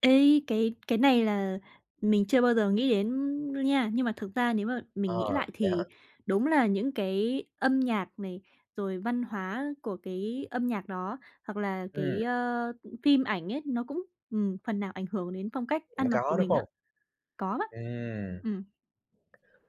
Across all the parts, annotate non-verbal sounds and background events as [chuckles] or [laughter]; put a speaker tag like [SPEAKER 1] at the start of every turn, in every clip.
[SPEAKER 1] Ê, cái cái này là mình chưa bao giờ nghĩ đến đâu nha. Nhưng mà thực ra, nếu mà
[SPEAKER 2] À,
[SPEAKER 1] mình nghĩ lại
[SPEAKER 2] vậy hả?
[SPEAKER 1] thì, đúng là những cái âm nhạc này, rồi văn hóa của cái âm nhạc đó hoặc là
[SPEAKER 2] Ừm.
[SPEAKER 1] cái, ơ, phim ảnh ấy, nó cũng ừm, phần nào ảnh hưởng đến phong cách ăn
[SPEAKER 2] Cũng
[SPEAKER 1] mặc của
[SPEAKER 2] có, đúng
[SPEAKER 1] mình á.
[SPEAKER 2] hông?
[SPEAKER 1] Có á.
[SPEAKER 2] Ừm.
[SPEAKER 1] Ừm.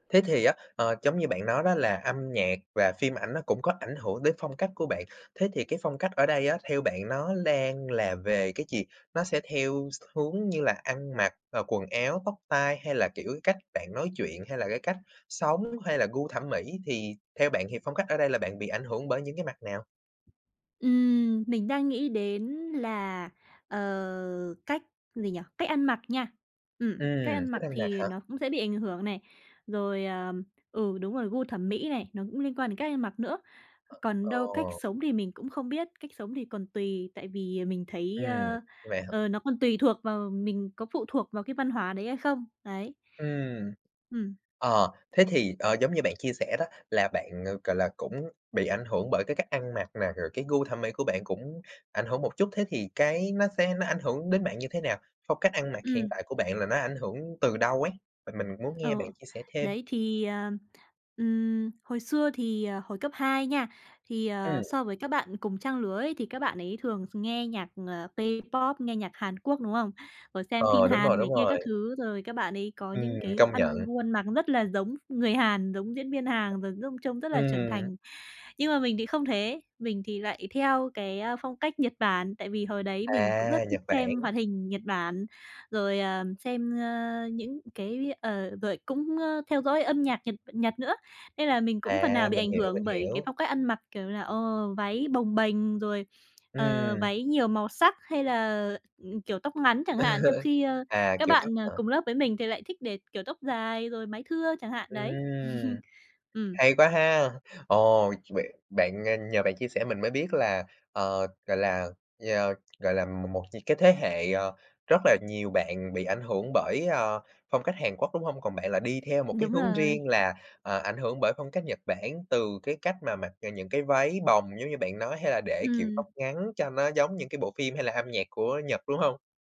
[SPEAKER 2] Thế thì á, ờ, giống như bạn nói đó là, âm nhạc và phim ảnh nó cũng có ảnh hưởng đến phong cách của bạn, thế thì cái phong cách ở đây á, theo bạn nó đang là về cái gì? Nó sẽ theo x hướng như là ăn mặc rồi, quần áo, tóc tai hay là, kiểu, cách bạn nói chuyện hay là, cái cách sống hay là, gu thẩm mỹ, thì theo bạn thì phong cách ở đây là bạn bị ảnh hưởng bởi những cái mặt nào?
[SPEAKER 1] Ừm, mình đang nghĩ đến là, ờ, cách gì nhỉ? Cách ăn mặc nha. Ừm, cách
[SPEAKER 2] Ừm,
[SPEAKER 1] ăn
[SPEAKER 2] cách
[SPEAKER 1] mặc
[SPEAKER 2] ăn mặc
[SPEAKER 1] thì
[SPEAKER 2] hả?
[SPEAKER 1] nó cũng sẽ bị ảnh hưởng này. Rồi, ờ, ừ, đúng rồi, gu thẩm mỹ này, nó cũng liên quan đến cách ăn mặc nữa. Còn
[SPEAKER 2] Ờ,
[SPEAKER 1] đâu cách
[SPEAKER 2] ồ.
[SPEAKER 1] sống thì mình cũng không biết, cách sống thì còn tùy tại vì mình thấy,
[SPEAKER 2] Ừm,
[SPEAKER 1] ơ,
[SPEAKER 2] như vậy hả?
[SPEAKER 1] ờ, nó còn tùy thuộc vào mình có phụ thuộc vào cái văn hóa đấy hay không, đấy.
[SPEAKER 2] Ừm.
[SPEAKER 1] Ừm.
[SPEAKER 2] Ờ, thế thì, ờ, giống như bạn chia sẻ đó. Là bạn, ờ, gọi là, cũng bị ảnh hưởng bởi cái cách ăn mặc nè, rồi cái gu thẩm mỹ của bạn cũng ảnh hưởng một chút, thế thì cái nó sẽ nó ảnh hưởng đến bạn như thế nào? Phong cách ăn mặc hiện
[SPEAKER 1] Ừm.
[SPEAKER 2] tại của bạn là nó ảnh hưởng từ đâu ấy? Mình mình muốn nghe bạn
[SPEAKER 1] Ờ,
[SPEAKER 2] chia sẻ thêm.
[SPEAKER 1] đấy thì, ờ, ừm, hồi xưa thì, ờ, hồi cấp 2 nha, thì, ờ,
[SPEAKER 2] Ừm.
[SPEAKER 1] so với các bạn cùng trang lứa ấy, thì các bạn ấy thường nghe nhạc, ờ, K-pop, nghe nhạc Hàn Quốc, đúng không? Rồi xem phim
[SPEAKER 2] Ờ, đúng rồi,
[SPEAKER 1] Hàn này
[SPEAKER 2] đúng
[SPEAKER 1] kia các
[SPEAKER 2] rồi.
[SPEAKER 1] thứ, rồi các bạn ấy, có những
[SPEAKER 2] Ừm,
[SPEAKER 1] cái
[SPEAKER 2] công
[SPEAKER 1] ăn
[SPEAKER 2] nhận.
[SPEAKER 1] gu ăn mặc rất là giống người Hàn, giống diễn viên Hàn rồi giống trông rất là trưởng
[SPEAKER 2] Ừm.
[SPEAKER 1] thành. Nhưng mà mình thì không thế, mình thì lại theo cái, a, phong cách Nhật Bản, tại vì hồi đấy mình cũng rất
[SPEAKER 2] À,
[SPEAKER 1] thích
[SPEAKER 2] Nhật Bản.
[SPEAKER 1] xem hoạt hình Nhật Bản. Rồi, à, xem, ơ, những cái ờ, rồi cũng, ơ, theo dõi âm nhạc Nhật Nhật nữa. Nên là mình cũng phần nào
[SPEAKER 2] À,
[SPEAKER 1] bị
[SPEAKER 2] mình
[SPEAKER 1] ảnh
[SPEAKER 2] hiểu, mình
[SPEAKER 1] hưởng bởi cái
[SPEAKER 2] hiểu.
[SPEAKER 1] phong cách ăn mặc, kiểu là, ờ, váy bồng bềnh rồi, ờ,
[SPEAKER 2] Ừm.
[SPEAKER 1] váy nhiều màu sắc hay là, ừm, kiểu tóc ngắn chẳng hạn, trong
[SPEAKER 2] [chuckles]
[SPEAKER 1] khi, ơ,
[SPEAKER 2] À,
[SPEAKER 1] các
[SPEAKER 2] kiểu tóc
[SPEAKER 1] bạn, à,
[SPEAKER 2] hả?
[SPEAKER 1] cùng lớp với mình thì lại thích để kiểu tóc dài rồi mái thưa chẳng hạn
[SPEAKER 2] Ừm,
[SPEAKER 1] đấy. [chuckles] Ừm.
[SPEAKER 2] hay quá ha, ồ, vậy bạn à, nhờ bạn chia sẻ mình mới biết là, ờ, gọi là, nhờ gọi là, một một những cái thế hệ, ờ, rất là nhiều bạn bị ảnh hưởng bởi, ờ, phong cách Hàn Quốc, đúng hông? Còn bạn là đi theo một cái
[SPEAKER 1] Đúng
[SPEAKER 2] hướng riêng
[SPEAKER 1] rồi.
[SPEAKER 2] là, ờ, ảnh hưởng bởi phong cách Nhật Bản từ cái cách mà mặc những cái váy bồng, giống như bạn nói hay là để kiểu
[SPEAKER 1] Ừm.
[SPEAKER 2] tóc ngắn cho nó giống những cái bộ phim hay là âm nhạc của Nhật, đúng hông?